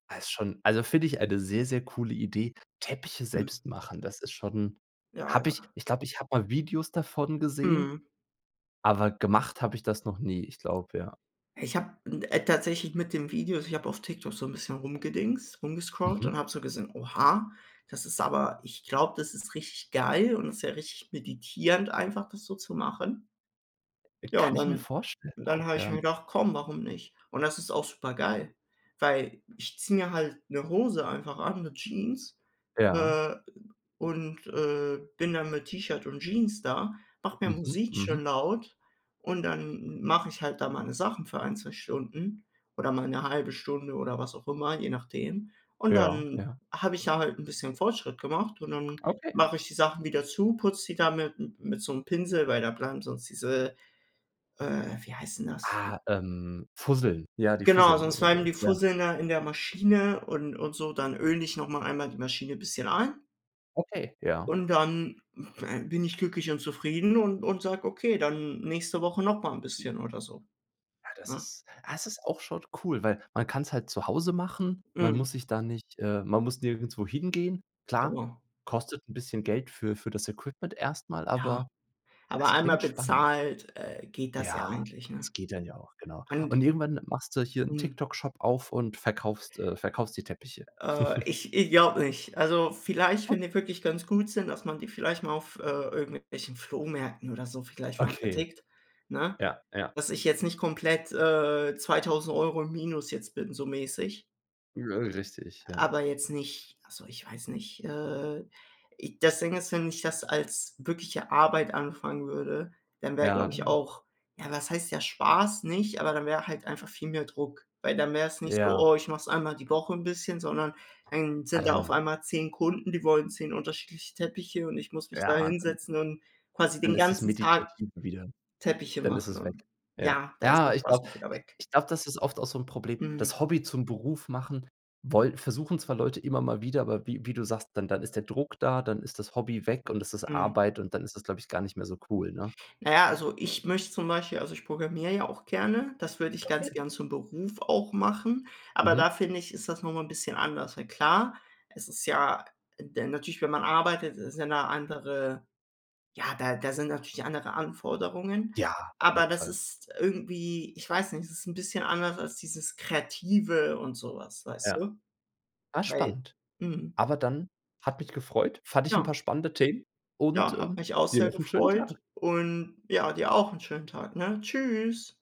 Also, ist schon also find ich eine sehr, sehr coole Idee. Teppiche Mhm. selbst machen, das ist schon, Ja, habe ich ja. ich glaube, ich habe mal Videos davon gesehen, Mhm. aber gemacht hab ich das noch nie. Ich glaube, ja. Ich habe 'n äh, tatsächlich mit den Videos ich habe auf TikTok so 'n bisschen rumgedingst rumgescrolled Mhm. und hab so gesehen: „Oha“, das ist aber ich glaube, das ist richtig geil und ist ja richtig meditierend einfach, das so zu machen. Äh, Ja, und kann ich mir dann vorstellen dann habe auch, ich ja. mir gedacht: „komm, warum nicht?“ Und das ist auch super geil, weil ich ziehe mir halt 'ne Hose einfach an, 'ne Jeans, Ja. äh, und, äh, bin dann mit T-Shirt und Jeans da, mache mir Mhm. Musik Mhm. schön laut. Und dann m mach ich halt da meine Sachen für ein, 2 Stunden oder mal 'ne 1/2 Stunde oder was auch immer, je nachdem. Und Ja, dann ja. habe ich ja halt 'n bisschen Fortschritt gemacht und dann Okay. mache ich die Sachen wieder zu, putze die da mit m-m mit so 'm Pinsel, weil da bleiben sonst diese äh, wie heißt 'n das? Ah, ähm, Fusseln ja, die Genau, Fusseln sonst oder bleiben so, die ja. Fusseln da in der Maschine und und so, dann öle ich nochmal einmal die Maschine bisschen ein. Okay, ja. Und, dann bin ich glücklich und zufrieden und und sage: „Okay, dann nächste Woche noch mal 'n bisschen“, oder so. Ja, das Ne? ist das ist auch schon cool, weil man kann's halt zu Hause machen. Man Mhm. muss sich da nicht, äh man muss nirgendwo hingehen. Klar, Genau. kostet 'n bisschen Geld für für das Equipment erst mal, Ja. aber Aber es einmal klingt spannend. bezahlt, äh, geht das ja Ja, eigentlich, ne? das geht dann ja auch, genau. Und Und irgendwann machst du hier 'n Mhm. TikTok Shop-auf und verkaufst äh, verkaufst die Teppiche. Äh, ich ich glaube nicht. Also, vielleicht, wenn die wirklich ganz gut sind, dass man die vielleicht mal auf, äh, irgendwelchen Flohmärkten oder so vielleicht mal Okay. vertickt, ne? Ja, ja. Dass ich jetzt nicht komplett, äh, 2.000 € im Minus jetzt bin, so mäßig. Richtig, ja. Aber jetzt nicht also, ich weiß nicht. Äh, i das Ding ist, wenn ich das als wirkliche Arbeit anfangen würde, dann wäre, Ja, glaube ich, dann auch ja, was heißt der Spaß nicht, aber dann wär halt einfach viel mehr Druck. Weil dann wäre es nicht so: Ja. „Oh, ich mache es einmal die Woche 'n bisschen“, sondern dann Ja, sind ja auf dann einmal 10 Kunden, die wollen 10 unterschiedliche Teppiche und ich muss mich da Ja, dann hinsetzen und quasi dann den ist das ganzen Tag meditativ wieder Teppiche dann ist machen es weg. und Ja. ja, da ist der Ja, ich Spaß glaube auch wieder i weg. ich glaube, das ist oft auch so 'n Problem. Mhm. Das Hobby zum Beruf machen woll versuchen zwar Leute immer mal wieder, aber wie wie du sagst, dann dann ist der Druck da, dann ist das Hobby weg und es ist Mhm. Arbeit und dann ist das, glaube ich, gar nicht mehr so cool, ne? Na ja, also ich möchte zum Beispiel also, ich programmiere ja auch gerne, das würde ich ganz Okay. gerne zum Beruf auch machen, aber Mhm. da finde ich, ist das noch mal 'n bisschen anders, weil klar, es ist ja de natürlich, wenn man arbeitet, ist ja 'ne andere ja, da da sind natürlich andere Anforderungen, Ja, auf aber jeden das Fall. ist irgendwie ich weiß nicht, es ist 'n bisschen anders als dieses Kreative und so was, weißt Ja. du? Ah, Weil spannend. mhm. Aber dann, hat mich gefreut, fand ich 'n paar Ja. spannende Themen und, Ja, hat ähm, mich auch dir sehr noch schönen gefreut Tag. und ja, dir auch 'n schönen Tag, ne? Tschüss.